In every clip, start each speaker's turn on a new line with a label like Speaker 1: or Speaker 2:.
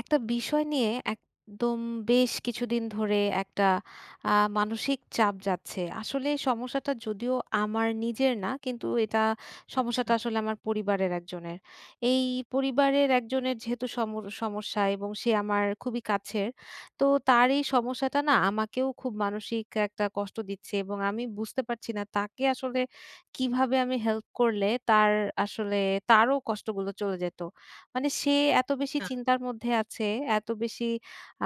Speaker 1: একটা বিষয় নিয়ে একদম বেশ কিছুদিন ধরে একটা আ মানসিক চাপ যাচ্ছে আসলে সমস্যাটা যদিও আমার নিজের না কিন্তু এটা
Speaker 2: আচ্ছা।
Speaker 1: সমস্যাটা আসলে আমার পরিবারের একজনের। এই পরিবারের একজনের যেহেতু সম সমস্যা এবং সে আমার খুবই কাছের তো তার এই সমস্যাটা না আমাকেও খুব মানসিক একটা কষ্ট দিচ্ছে এবং আমি বুঝতে পারছি না তাকে আসলে কীভাবে আমি হেল্প করলে তার আসলে তারও কষ্টগুলো চলে যেতো। মানে সে এত বেশি
Speaker 2: [unintelligible]
Speaker 1: চিন্তার মধ্যে আছে, এতো বেশি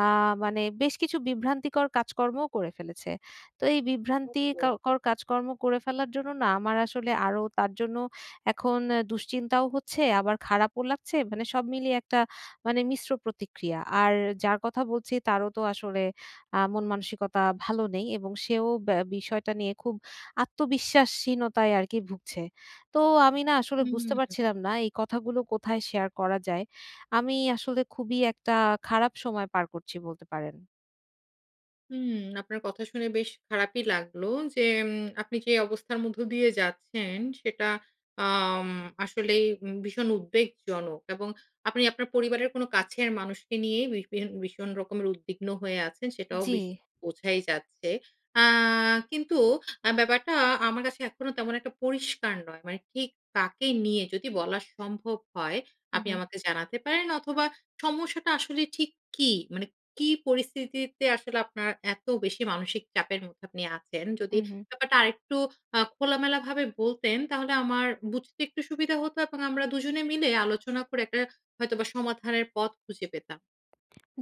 Speaker 1: আ মানে বেশ কিছু বিভ্রান্তিকর কাজকর্মও করে ফেলেছে। তো এই বিভ্রান্তি
Speaker 2: [unintelligible]
Speaker 1: কাও কর কাজকর্ম করে ফেলার জন্য না আমার আসলে আরো তার জন্য এখন এ দুশ্চিন্তাও হচ্ছে আবার খারাপও লাগছে। মানে সব মিলিয়ে একটা মানে মিশ্র প্রতিক্রিয়া। আর যার কথা বলছি তারও তো আসলে আ মন-মানসিকতা ভালো নেই এবং সেও ব্যা বিষয়টা নিয়ে খুব আত্মবিশ্বাসহীনতায় আরকি ভুগছে। তো আমি না আসলে বুঝতে
Speaker 2: হুম।
Speaker 1: পারছিলাম না এই কথাগুলো কোথায় শেয়ার করা যায়? আমি আসলে খুবই একটা খারাপ সময় পার করছি বলতে পারেন।
Speaker 2: হুম। আপনার কথা শুনে বেশ খারাপই লাগলো যে উম আপনি যে অবস্থার মধ্য দিয়ে যাচ্ছেন সেটা আম আসলেই ভীষণ উদ্বেগজনক। এবং আপনি আপনার পরিবারের কোন কাছের মানুষকে নিয়ে ভিড় ভিড় ভীষণ রকমের উদ্বিগ্ন হয়ে আছেন সেটাও
Speaker 1: জি।
Speaker 2: বেশ বোঝাই যাচ্ছে। আ কিন্তু অ্যা ব্যাপারটা আমার কাছে এখনো তেমন একটা পরিষ্কার নয়। মানে ঠিক কাকে নিয়ে যদি বলা সম্ভব হয়
Speaker 1: হুম,
Speaker 2: আপনি
Speaker 1: হুম।
Speaker 2: আমাকে জানাতে পারেন অথবা সমস্যাটা আসলে ঠিক কী? মানে কি পরিস্থিতিতে আসলে আপনার এত বেশি মানসিক চাপের মধ্যে আপনি আছেন যদি
Speaker 1: হুম, হুম।
Speaker 2: ব্যাপারটা আরেকটু আ খোলামেলাভাবে বলতেন তাহলে আমার বুঝতে একটু সুবিধা হতো এবং আমরা দুজনে মিলে আলোচনা করে একটা হয়তোবা সমাধানের পথ খুঁজে পেতাম।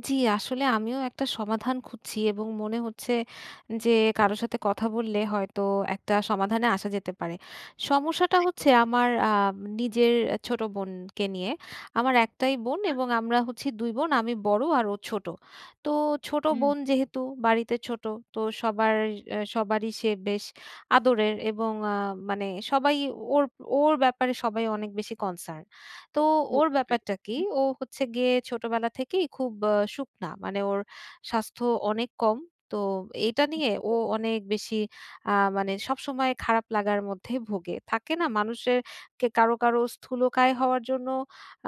Speaker 1: জি, আসলে আমিও একটা সমাধান খুঁজছি এবং মনে হচ্ছে যে কারো সাথে কথা বললে হয়তো একটা সমাধানে আসা যেতে পারে। সমস্যাটা
Speaker 2: একদম।
Speaker 1: হচ্ছে আমার আ নিজের ছোট বোনকে নিয়ে। আমার একটাই বোন
Speaker 2: আচ্ছা।
Speaker 1: এবং আমরা হচ্ছি দুই বোন। আমি বড় আর ও ছোট। তো ছোট
Speaker 2: হুম।
Speaker 1: বোন যেহেতু বাড়িতে ছোট তো সবার; অ্যা সবারই সে বেশ আদরের এবং আ মানে সবাই ওর ওর ব্যাপারে সবাই অনেক বেশি কনসার্ন। তো ওর
Speaker 2: বুঝতে
Speaker 1: ব্যাপারটা কি;
Speaker 2: পেরেছি।
Speaker 1: ও হচ্ছে গিয়ে ছোটবেলা থেকেই খুব শুকনা। মানে ওর স্বাস্থ্য অনেক কম। তো এইটা নিয়ে ও
Speaker 2: [unintelligible]
Speaker 1: অনেক বেশি আ মানে সবসময় খারাপ লাগার মধ্যে ভোগে। থাকে না মানুষের কে কারো, কারো স্থূলকায় হওয়ার জন্য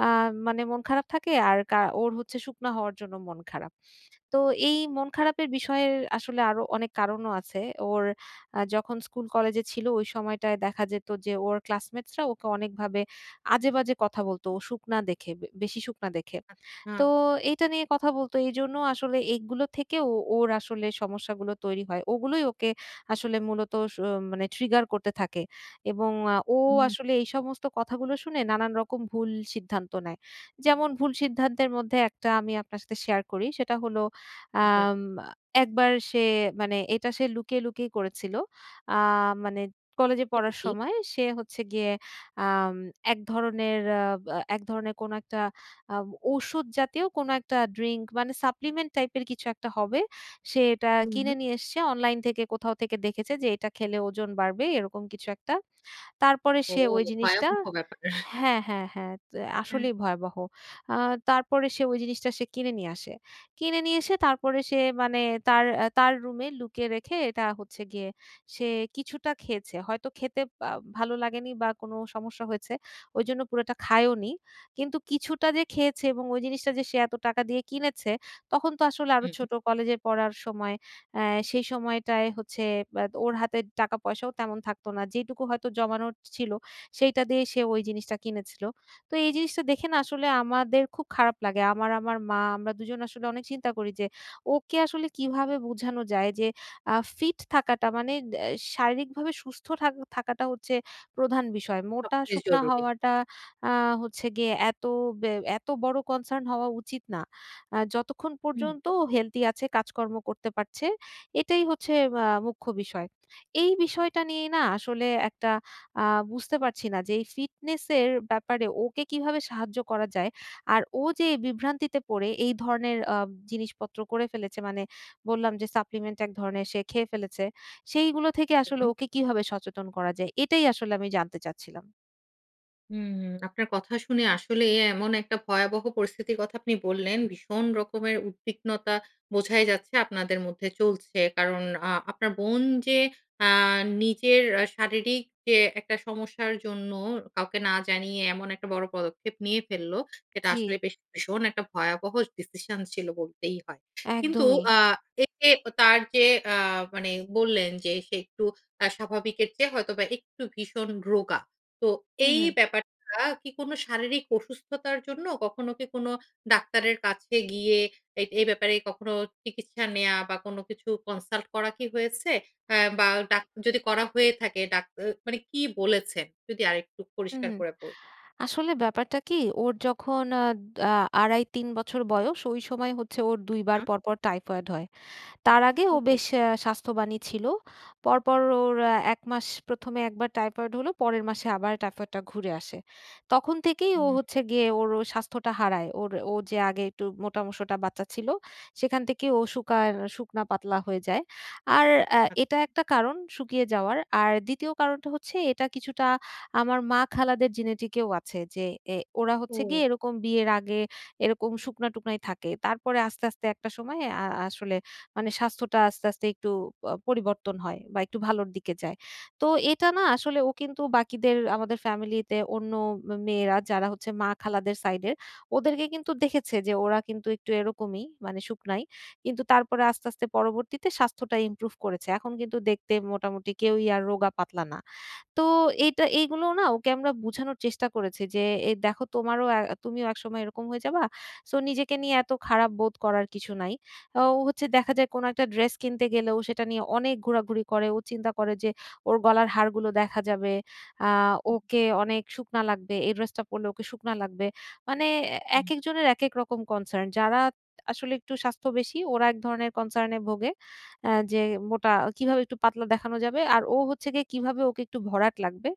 Speaker 1: আ মানে মন খারাপ থাকে আর কা ওর হচ্ছে শুকনা হওয়ার জন্য মন খারাপ। তো এই মন
Speaker 2: [unintelligible]
Speaker 1: খারাপের বিষয়ে আসলে আরো অনেক কারণও আছে। ওর যখন স্কুল-কলেজে ছিল ওই সময়টায় দেখা যেত যে ওর ক্লাসমেটসরা ওকে অনেকভাবে আজেবাজে কথা বলতো ও শুকনা দেখে, বেশি শুকনা দেখে। তো
Speaker 2: আচ্ছা।
Speaker 1: এইটা নিয়ে কথা বলতো। এইজন্য আসলে এইগুলো থেকে ও ওর আসলে সমস্যাগুলো তৈরি হয়। ওগুলোই ওকে আসলে মূলত স মানে ট্রিগার করতে থাকে। এবং আ ও
Speaker 2: হুম।
Speaker 1: আসলে এই সমস্ত কথাগুলো শুনে নানান রকম ভুল সিদ্ধান্ত নেয়। যেমন ভুল সিদ্ধান্তের মধ্যে একটা আমি আপনার সাথে শেয়ার করি। সেটা হলো
Speaker 2: [unintelligible]
Speaker 1: আম একবার সে মানে এইটা সে লুকিয়ে, লুকিয়ে করেছিল। আ মানে কলেজে
Speaker 2: সেটা
Speaker 1: পড়ার
Speaker 2: কি?
Speaker 1: সময় সে হচ্ছে গিয়ে আ এক ধরনের এক ধরনের কোনো একটা আ ঔষুধ জাতীয় কোন একটা ড্রিংক মানে সাপ্লিমেন্ট টাইপ এর কিছু একটা হবে, সে এটা
Speaker 2: হুম।
Speaker 1: কিনে নিয়ে এসছে। অনলাইন থেকে, কোথাও থেকে দেখেছে যে এইটা খেলে ওজন বাড়বে এরকম কিছু একটা। তারপরে
Speaker 2: ও
Speaker 1: সে ওই জিনিসটা
Speaker 2: ভয়াবহ ব্যাপার!
Speaker 1: হ্যাঁ, হ্যাঁ, হ্যাঁ। তো
Speaker 2: হুম।
Speaker 1: আসলেই ভয়াবহ। আ তারপরে সে ওই জিনিসটা সে কিনে নিয়ে আসে। কিনে নিয়ে এসে তারপরে সে মানে তার অ্যা তার রুমে লুকিয়ে রেখে এটা হচ্ছে গিয়ে সে কিছুটা খেয়েছে। হয়তো খেতে বা ভালো লাগেনি বা কোন সমস্যা হয়েছে। ওইজন্য পুরাটা খায়ও নি। কিন্তু কিছুটা যে খেয়েছে এবং ওই জিনিসটা যে সে এত টাকা দিয়ে কিনেছে তখন তো আসলে আরো
Speaker 2: হুম।
Speaker 1: ছোট কলেজে পড়ার সময়। অ্যা সেই সময়টায় হচ্ছে ব্যা ওর হাতে টাকা-পয়সাও তেমন থাকত না। যেইটুকু হয়তো জমানোর ছিল, সেইটা দিয়েই সে ওই জিনিসটা কিনেছিলো। তো এই জিনিসটা দেখে না আসলে আমাদের খুব খারাপ লাগে। আমার আমার মা, আমরা দুজন আসলে অনেক চিন্তা করি যে ওকে আসলে কীভাবে বুঝানো যায় যে, আ ফিট থাকাটা মানে অ্যা শারীরিকভাবে সুস্থ থাক থাকাটা হচ্ছে প্রধান বিষয়।
Speaker 2: সবচেয়ে
Speaker 1: মোটা-শুকনা
Speaker 2: জরুরি।
Speaker 1: হওয়াটা আ হচ্ছে গিয়ে এত ব্যা এত বড়ো কনসার্ন হওয়া উচিত না। অ্যা যতক্ষণ
Speaker 2: হুম।
Speaker 1: পর্যন্ত ও হেলদি আছে, কাজকর্ম করতে পারছে, এটাই হচ্ছে বা মুখ্য বিষয়। এই বিষয়টা নিয়েই না আসলে একটা আ বুঝতে পারছি না যে এই ফিটনেসের ব্যাপারে ওকে কীভাবে সাহায্য করা যায়। আর ও যে বিভ্রান্তিতে পড়ে এই ধরনের আ জিনিসপত্র করে ফেলেছে মানে বললাম যে সাপ্লিমেন্ট এক ধরনের সে খেয়ে ফেলেছে। সেইগুলো থেকে আসলে
Speaker 2: হুম।
Speaker 1: ওকে কীভাবে সচেতন করা যায়? এটাই আসলে আমি জানতে চাচ্ছিলাম।
Speaker 2: হুম। আপনার কথা শুনে আসলেই এমন একটা ভয়াবহ পরিস্থিতির কথা আপনি বললেন। ভীষণ রকমের উদ্বিগ্নতা বোঝাই যাচ্ছে আপনাদের মধ্যে চলছে। কারণ আ আপনার বোন যে আ নিজের শারীরিক অ্যা যে একটা সমস্যার জন্য কাউকে না জানিয়ে এমন একটা বড় পদক্ষেপ নিয়ে ফেলল, এটা
Speaker 1: জি।
Speaker 2: আসলেই বেশ ভীষণ একটা ভয়াবহ decision ছিল বলতেই হয়। কিন্তু
Speaker 1: একদমই।
Speaker 2: আ এতে অ তার যে আ মানে বললেন যে সে একটু আ স্বাভাবিকের চেয়ে হয়তোবা একটু ভীষণ রোগা। তো
Speaker 1: হু,
Speaker 2: এই
Speaker 1: হু।
Speaker 2: ব্যাপারটা কি কোনো শারীরিক অসুস্থতার জন্য? কখনো কি কোনো ডাক্তারের কাছে গিয়ে এ এই ব্যাপারে কখনো চিকিৎসা নেয়া বা কোনো কিছু consult করা কি হয়েছে? অ্যা বা ডাক্তা যদি করা হয়ে থাকে ডাক এ মানে কী বলেছে? যদি আরেকটু
Speaker 1: হু,
Speaker 2: পরিষ্কার
Speaker 1: হু।
Speaker 2: করে বল
Speaker 1: আসলে ব্যাপারটা কী? ওর যখন আদ আ ২.৫, ৩ বছর বয়স, ওই সময়ে হচ্ছে ওর ২ বার
Speaker 2: হুম।
Speaker 1: পরপর টাইফয়েড হয়। তার আগে ও
Speaker 2: ওহো!
Speaker 1: বেশ অ্যা স্বাস্থ্যবানই ছিল। পরপর ওর অ্যা ১ মাস প্রথমে একবার টাইফয়েড হলো, পরের মাসে আবার টাইফয়েডটা ঘুরে আসে। তখন থেকেই
Speaker 2: হু,
Speaker 1: ও
Speaker 2: হু।
Speaker 1: হচ্ছে গিয়ে ওর ও স্বাস্থ্যটা হারায়। ওর ও যে আগে একটু মোটা-সোটা বাচ্চা ছিল। সেখান থেকে ও শুকার শুকনা-পাতলা হয়ে যায়। আর অ্যা
Speaker 2: [unintelligible]
Speaker 1: এটা একটা কারণ শুকিয়ে যাওয়ার। আর ২য় কারণটা হচ্ছে এটা কিছুটা আমার মা-খালাদের genetic এও আছে যে এ ওরা হচ্ছে গিয়ে
Speaker 2: ও।
Speaker 1: এরকম বিয়ের আগে এরকম শুকনা-টুকনাই থাকে। তারপরে আস্তে, আস্তে একটা সময়ে আ আসলে মানে স্বাস্থ্যটা আস্তে, আস্তে একটু আ পরিবর্তন হয় বা একটু ভালোর দিকে যায়। তো এটা না আসলে ও কিন্তু বাকিদের, আমাদের family তে অন্য মে মেয়েরা যারা হচ্ছে মা খালাদের side এর। ওদেরকে কিন্তু দেখেছে যে ওরা কিন্তু একটু এরকমই মানে শুকনাই। কিন্তু তারপরে আস্তে, আস্তে পরবর্তীতে স্বাস্থ্যটা improve করেছে। এখন কিন্তু দেখতে মোটামুটি কেউই আর রোগা-পাতলা না। তো এইটা এইগুলো না ওকে আমরা বুঝানোর চেষ্টা করেছি। যে এ "দেখো তোমারও আ তুমিও একসময় এরকম হয়ে যাবা। So নিজেকে নিয়ে এত খারাপ বোধ করার কিছু নাই।" অ্যা ও হচ্ছে দেখা যায় কোনো একটা dress কিনতে গেলে ও সেটা নিয়ে অনেক ঘোরাঘুরি করে। ও চিন্তা করে যে ওর গলার হাড়গুলো দেখা যাবে, আ
Speaker 2: হুম।
Speaker 1: ওকে অনেক শুকনা লাগবে, এই dress টা পড়লে ওকে শুকনা লাগবে। মানে অ্যা
Speaker 2: হুম।
Speaker 1: একেকজনের একেক রকম concern। যারা আসলে একটু স্বাস্থ্য বেশি, ওরা এক ধরনের concern এ ভোগে। অ্যা যে মোটা, কীভাবে একটু পাতলা দেখানো যাবে। আর ও হচ্ছে গিয়ে কীভাবে ওকে একটু ভরাট লাগবে,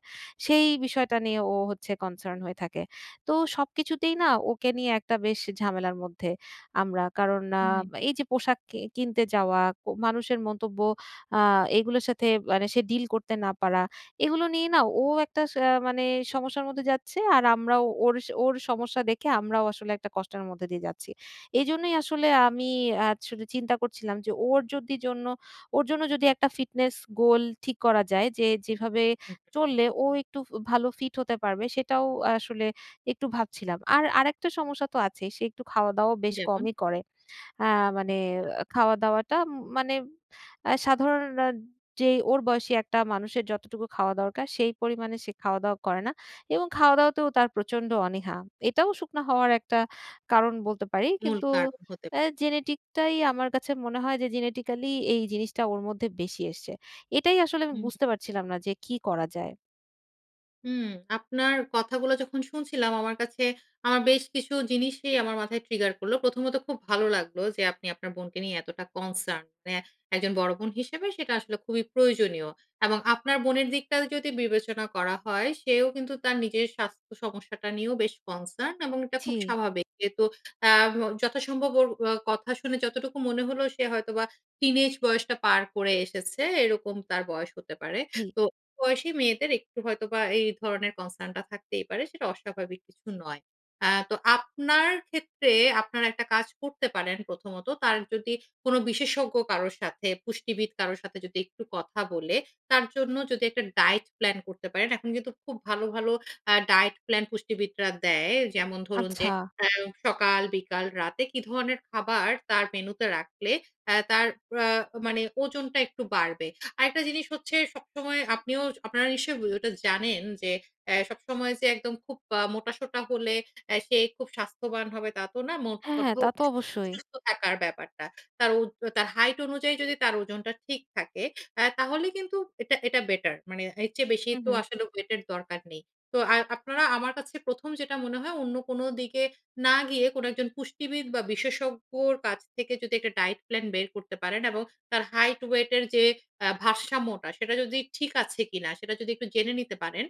Speaker 1: সেই বিষয়টা নিয়ে ও হচ্ছে concern হয়ে থাকে। তো সবকিছুতেই না, ওকে নিয়ে একটা বেশ ঝামেলার মধ্যে আমরা। কারণ আ
Speaker 2: হুম।
Speaker 1: এই যে পোশাক কি কিনতে যাওয়া, ক মানুষের মন্তব্য, আ এইগুলার সাথে মানে সে deal করতে না পারা, এগুলো নিয়ে না ও একটা সা মানে সমস্যার মধ্যে যাচ্ছে, আর আমরাও ওর ওর সমস্যা দেখে আমরাও আসলে একটা কষ্টের মধ্যে দিয়ে যাচ্ছি। এজন্যই আসলে আমি অ্যা আসলে চিন্তা করছিলাম যে ওর যদি জন্য ওর জন্য যদি একটা fitness goal ঠিক করা যায় যে যেভাবে
Speaker 2: হু, হু।
Speaker 1: চললে ও একটু ফু ভালো fit হতে পারবে, সেটাও আসলে একটু ভাবছিলাম। আর আরেকটা সমস্যা তো আছেই। সে একটু খাওয়া-দাওয়াও বেশ
Speaker 2: যেমন?
Speaker 1: কমই করে। অ্যা মানে
Speaker 2: [unintelligible]
Speaker 1: খাওয়া-দাওয়াটা উম মানে অ্যা সাধারণ নার যেই ওর বয়সী একটা মানুষের যতটুকু খাওয়া দরকার, সেই পরিমাণে সে খাওয়া-দাওয়া করে না। এবং খাওয়া-দাওয়াতেও তার প্রচণ্ড অনীহা। এটাও শুকনা হওয়ার একটা কারণ বলতে পারি।
Speaker 2: মূল
Speaker 1: কিন্তু
Speaker 2: কারণ হতে পা
Speaker 1: অ্যা genetic টাই আমার কাছে মনে হয় যে genetically এই জিনিসটা ওর মধ্যে বেশি এসছে। এটাই আসলে আমি
Speaker 2: হুম।
Speaker 1: বুঝতে পারছিলাম না যে কী করা যায়?
Speaker 2: হুম, আপনার কথাগুলো যখন শুনছিলাম আমার কাছে আ বেশ কিছু জিনিসই আমার মাথায় ট্রিগার করল। প্রথমত খুব ভালো লাগলো যে আপনি আপনার বোনকে নিয়ে এতটা কনসার্ন। মানে একজন বড় বোন হিসেবে সেটা আসলে খুবই প্রয়োজনীয় এবং আপনার বোনের দিকটাও যদি বিবেচনা করা হয়, সেও কিন্তু তার নিজের স্বাস্থ্য সমস্যাটা নিয়েও বেশ কনসার্ন এবং এটা খুব
Speaker 1: জি।
Speaker 2: স্বাভাবিক। যেহেতু আ ভ যথাসম্ভব ওর আ কথা শুনে যতটুকু মনে হল, সে হয়তোবা টিনেজ বয়সটা পার করে এসেছে, এরকম তার বয়স হতে পারে।
Speaker 1: জি।
Speaker 2: তো বয়সী মেয়েদের একটু হয়তো বা এই ধরনের কনসার্নটা থাকতেই পারে, সেটা অস্বাভাবিক কিছু নয়। আ তো আপনার ক্ষেত্রে আপনারা একটা কাজ করতে পারেন প্রথমত। তার যদি কোন বিশেষজ্ঞ কারোর সাথে পুষ্টিবিদ কারো সাথে যদি একটু কথা বলে, তার জন্য যদি একটা ডায়েট প্ল্যান করতে পারেন। এখন কিন্তু খুব ভালো, ভালো আ ডায়েট প্ল্যান পুষ্টিবিদরা দেয় যেমন ধরুন যে
Speaker 1: আচ্ছা।
Speaker 2: আ সকাল, বিকাল, রাতে কী ধরনের খাবার তার মেনুতে রাখলে অ্যা তার আ মানে ওজনটা একটু বাড়বে? আরেকটা জিনিস হচ্ছে সবসময় আপনিও আপনারা নিশ্চয়ই ওটা জানেন। যে এ সবসময় যে একদম খুব আ মোটাসোটা হলে অ্যা সে খুব স্বাস্থ্যবান হবে তা তো না,
Speaker 1: হ্যাঁ, হ্যাঁ,
Speaker 2: মোটকথা
Speaker 1: তা তো অবশ্যই।
Speaker 2: সুস্থ থাকার ব্যাপারটা। তার উর্ধ তার হাইট অনুযায়ী যদি তার ওজনটা ঠিক থাকে, আ তাহলে কিন্তু এটা, এটা বেটার মানে এর চেয়ে বেশি
Speaker 1: হুম,
Speaker 2: তো
Speaker 1: হুম।
Speaker 2: আসলে ওয়েটের দরকার নেই। তো আ আর আপনারা আমার কাছে ১ম যেটা মনে হয় অন্য কোন দিকে না গিয়ে কোন একজন পুষ্টিবিদ বা বিশেষজ্ঞের কাছ থেকে যদি একটা ডায়েট প্ল্যান বের করতে পারেন এবং তার হাইট, ওয়েটের যে আ ভারসাম্যটা, সেটা যদি ঠিক আছে কী না? সেটা যদি একটু জেনে নিতে পারেন।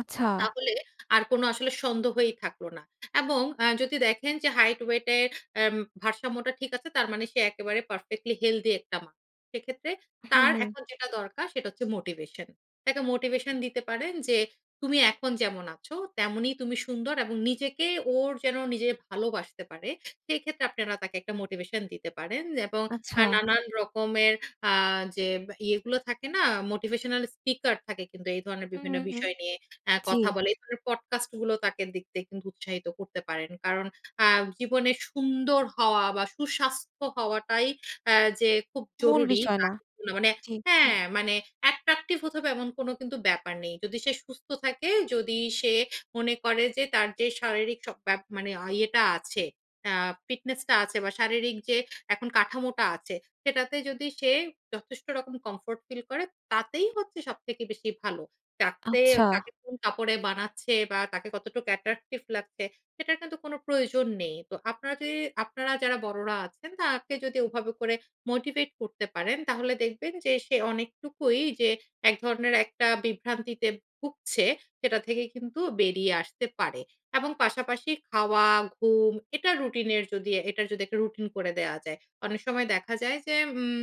Speaker 1: আচ্ছা।
Speaker 2: তাহলে আর কোন আসলে সন্দেহই থাকল না এবং আ যদি দেখেন যে হাইট, ওয়েটে আম ভারসাম্যটা ঠিক আছে। তার মানে সে একেবারে পারফেক্টলি হেলথি একটা মা। সেক্ষেত্রে
Speaker 1: হুম,
Speaker 2: তার
Speaker 1: হুম।
Speaker 2: এখন যেটা দরকার সেটা হচ্ছে মোটিভেশন, তাকে মোটিভেশন দিতে পারেন। যে তুমি এখন যেমন আছো তেমনই তুমি সুন্দর এবং নিজেকে ওর যেন নিজে ভালোবাসতে পারে। সেক্ষেত্রে আপনারা তাকে একটা মোটিভেশন দিতে পারেন এবং আ
Speaker 1: আচ্ছা।
Speaker 2: নানান রকমের আ যে ইয়েগুলো থাকে না? মোটিভেশনাল স্পিকার থাকে কিন্তু এই ধরনের
Speaker 1: হুম,
Speaker 2: বিভিন্ন
Speaker 1: হুম, হুম,
Speaker 2: বিষয় নিয়ে আ
Speaker 1: জি।
Speaker 2: কথা বলে। এই ধরনের পডকাস্ট গুলো তাকে দেখতে কিন্তু উৎসাহিত করতে পারেন। কারণ আ জীবনে সুন্দর হওয়া বা সুস্বাস্থ্য হওয়াটাই আ যে খুব
Speaker 1: মূল
Speaker 2: জরুরী
Speaker 1: বিষয়
Speaker 2: বা
Speaker 1: না,
Speaker 2: মানে
Speaker 1: জি,
Speaker 2: হ্যাঁ। মানে অ্যাট্রাকটিভ হতে হবে এমন কোন কিন্তু ব্যাপার নেই। যদি সে সুস্থ থাকে, যদি সে মনে করে যে তার যে শারীরিক সব ব্যাপ মানে ইয়েটা আছে আ ফিটনেসটা আছে বা শারীরিক যে এখন কাঠামোটা আছে সেটাতে যদি সে যথেষ্ট রকম কমফোর্ট ফিল করে তাতেই হচ্ছে সবথেকে বেশি ভালো। যাতে
Speaker 1: আচ্ছা।
Speaker 2: কাকে কোন কাপড়ে বানাচ্ছে বা তাকে কতটুক অ্যাট্রাকটিভ লাগছে, সেটার কিন্তু কোন প্রয়োজন নেই। তো আপনাদে আপনারা যদি আপনারা যারা বড়রা আছেন তাকে যদি ওভাবে করে মোটিভেট করতে পারেন তাহলে দেখবেন যে সে অনেকটুকুই যে এক ধরনের একটা বিভ্রান্তিতে ভুগছে, সেটা থেকে কিন্তু বেরিয়ে আসতে পারে। এবং পাশাপাশি খাওয়া, ঘুম এটা রুটিনের যদি এটার যদি একটা রুটিন করে দেওয়া যায়। অনেক সময় দেখা যায় যে উম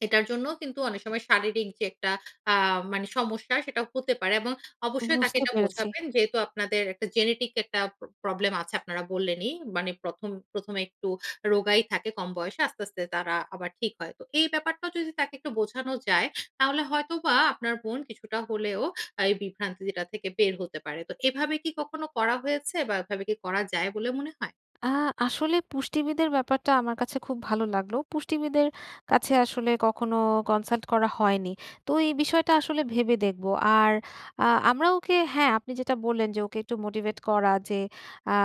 Speaker 2: এটার জন্য কিন্তু অনেক সময় শারীরিক যে একটা আ মনে সমস্যা সেটা হতে পারে এবং অবশ্যই তাকে
Speaker 1: বুঝতে
Speaker 2: এটা
Speaker 1: পেরেছি।
Speaker 2: বোঝাবেন যেহেতু আপনাদের একটা জেনেটিক একটা প্রবলেম আছে আপনারা বললেনই। মানে ১ম, ১ম এ একটু রোগাই থাকে কম বয়সে আস্তে, আস্তে তারা আবার ঠিক হয়। তো এই ব্যাপারটাও যদি তাকে একটু বোঝানো যায় তাহলে হয়তোবা আপনার বোন কিছুটা হলেও এই বিভ্রান্তি থেকে বের হতে পারে। তো এভাবে কী কখনো করা হয়েছে বা এভাবে কী করা যায় বলে মনে হয়?
Speaker 1: আ আসলে পুষ্টিবিদের ব্যাপারটা আমার কাছে খুব ভালো লাগলো, পুষ্টিবিদের কাছে আসলে কখনো কনসাল্ট করা হয়নি। তো এই বিষয়টা আসলে
Speaker 2: আচ্ছা।
Speaker 1: ভেবে দেখব আর আ আমরা ওকে হ্যাঁ, আপনি যেটা বললেন। যে ওকে একটু মোটিভেট করা যে আ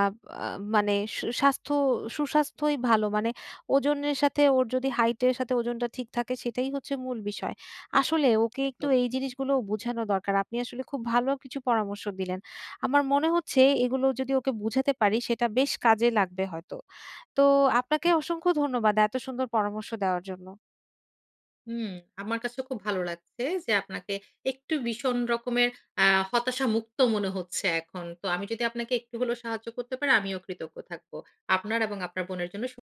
Speaker 1: আ মানে শু স্বাস্থ্য সুস্বাস্থ্যই ভালো মানে ওজনের সাথে ওর যদি হাইটের সাথে ওজনটা ঠিক থাকে সেটাই হচ্ছে মূল বিষয়। আসলে ওকে একটু
Speaker 2: একদম।
Speaker 1: এই জিনিসগুলোও বোঝানো দরকার, আপনি আসলে খুব ভালো কিছু পরামর্শ দিলেন। আমার মনে হচ্ছে এগুলো যদি ওকে বুঝাতে পারি সেটা বেশ কাজে লাগবে হয়তো, তো আপনাকে অসংখ্য ধন্যবাদ এত সুন্দর পরামর্শ দেওয়ার জন্য।
Speaker 2: হুম, আমার কাছে খুব ভালো লাগছে, যে আপনাকে একটু ভীষণ রকমের আ হতাশা মুক্ত মনে হচ্ছে এখন। তো আমি যদি আপনাকে একটু হলেও সাহায্য করতে পারি। আমিও কৃতজ্ঞ থাকব আপনার এবং আপনার বোনের জন্য শু